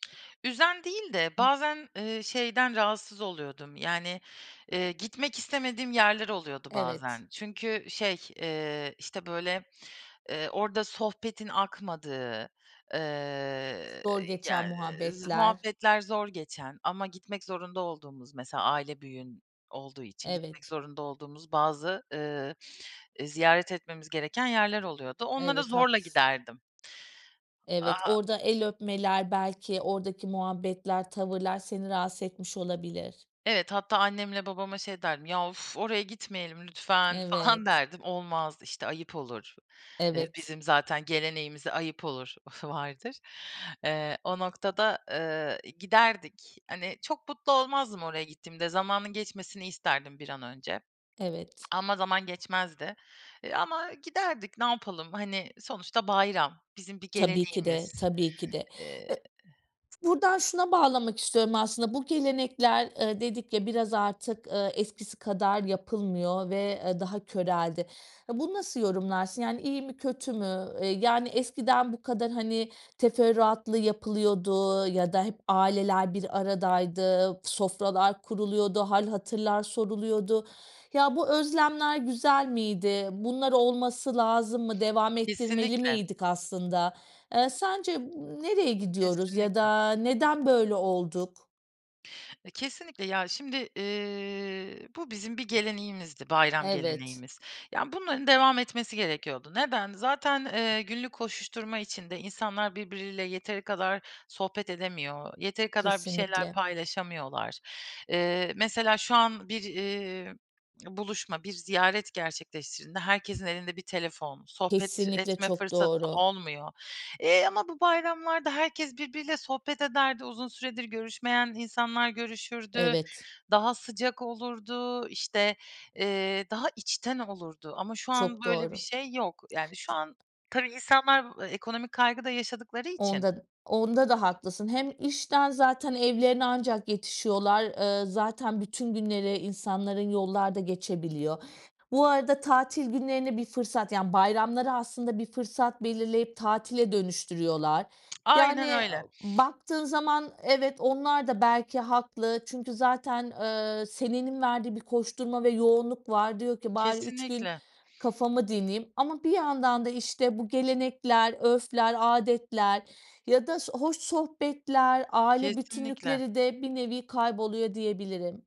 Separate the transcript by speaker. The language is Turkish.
Speaker 1: Üzen değil de bazen, eee, şeyden rahatsız oluyordum, yani, eee, gitmek istemediğim yerler oluyordu
Speaker 2: Evet.
Speaker 1: bazen. Çünkü, şey, eee, işte, böyle, eee, orada sohbetin akmadığı, ııı,
Speaker 2: Zor geçen
Speaker 1: yani, z
Speaker 2: muhabbetler.
Speaker 1: muhabbetler zor geçen ama gitmek zorunda olduğumuz, mesela aile büyüğün olduğu için gitmek
Speaker 2: Evet.
Speaker 1: zorunda olduğumuz bazı, ııı, e, ziyaret etmemiz gereken yerler oluyordu. Onlara
Speaker 2: Evet,
Speaker 1: zorla
Speaker 2: haklısın.
Speaker 1: giderdim.
Speaker 2: Evet,
Speaker 1: Aaa
Speaker 2: orada el öpmeler belki oradaki muhabbetler, tavırlar seni rahatsız etmiş olabilir.
Speaker 1: Evet, hatta annemle babama şey derdim, "Ya, uf, oraya gitmeyelim lütfen." falan
Speaker 2: Evet.
Speaker 1: derdim. "Olmaz, işte, ayıp olur." Eee,
Speaker 2: Evet.
Speaker 1: bizim zaten geleneğimize "ayıp olur" vardır. Eee, o noktada, ııı, giderdik. Hani, çok mutlu olmazdım oraya gittiğimde. Zamanın geçmesini isterdim bir an önce.
Speaker 2: Evet.
Speaker 1: Ama zaman geçmezdi. Eee, ama giderdik, ne yapalım? Hani, sonuçta bayram, bizim bir
Speaker 2: Tabii ki de,
Speaker 1: geleneğimiz.
Speaker 2: tabii ki de.
Speaker 1: Eee
Speaker 2: E Buradan şuna bağlamak istiyorum aslında. Bu gelenekler, ııı, dedik ya, biraz artık, ııı, eskisi kadar yapılmıyor ve, ııı, daha köreldi. Bunu nasıl yorumlarsın, yani, iyi mi, kötü mü? Iıı, yani, eskiden bu kadar, hani, teferruatlı yapılıyordu ya da hep aileler bir aradaydı, sofralar kuruluyordu, hâl hatırlar soruluyordu ya, bu özlemler güzel miydi? Bunlar olması lazım mı? Devam ettirmeli
Speaker 1: Kesinlikle.
Speaker 2: miydik aslında? Eee, sence m nereye gidiyoruz ya
Speaker 1: Kesinlikle.
Speaker 2: da neden böyle olduk?
Speaker 1: E, kesinlikle. Ya, şimdi, ııı, bu bizim bir geleneğimizdi, bayram
Speaker 2: Evet.
Speaker 1: geleneğimiz. Yani, bunların devam etmesi gerekiyordu. Neden? Zaten, eee, günlük koşuşturma içinde insanlar birbiriyle yeteri kadar sohbet edemiyor, yeteri kadar bir şeyler
Speaker 2: Kesinlikle.
Speaker 1: paylaşamıyorlar. Eee, mesela şu an bir, eee, buluşma, bir ziyaret gerçekleştirdiğinde herkesin elinde bir telefon, sohbet
Speaker 2: Kesinlikle
Speaker 1: etme
Speaker 2: çok
Speaker 1: fırsatı
Speaker 2: doğru.
Speaker 1: olmuyor, eee, ama bu bayramlarda herkes birbiriyle sohbet ederdi, uzun süredir görüşmeyen insanlar görüşürdü,
Speaker 2: Evet.
Speaker 1: daha sıcak olurdu, işte, eee, daha içten olurdu. Ama şu an
Speaker 2: Çok
Speaker 1: böyle bir
Speaker 2: doğru.
Speaker 1: şey yok. Yani, şu an tabii insanlar ekonomik kaygı da yaşadıkları için.
Speaker 2: Onda onda da haklısın. Hem işten zaten evlerine ancak yetişiyorlar. Iıı, zaten bütün günleri insanların yollarda geçebiliyor. Bu arada tatil günlerini bir fırsat, yani, bayramları aslında bir fırsat belirleyip tatile dönüştürüyorlar.
Speaker 1: Aynen
Speaker 2: Yani,
Speaker 1: öyle.
Speaker 2: baktığın zaman, evet, onlar da belki haklı. Çünkü zaten, ııı, senenin verdiği bir koşturma ve yoğunluk var. Diyor ki, "Bari 3 gün
Speaker 1: Kesinlikle.
Speaker 2: kafamı dinleyeyim." ama bir yandan da, işte, bu gelenekler, örfler, âdetler ya da s hoş sohbetler, aile
Speaker 1: Kesinlikle.
Speaker 2: bütünlükleri de bir nevi kayboluyor, diyebilirim.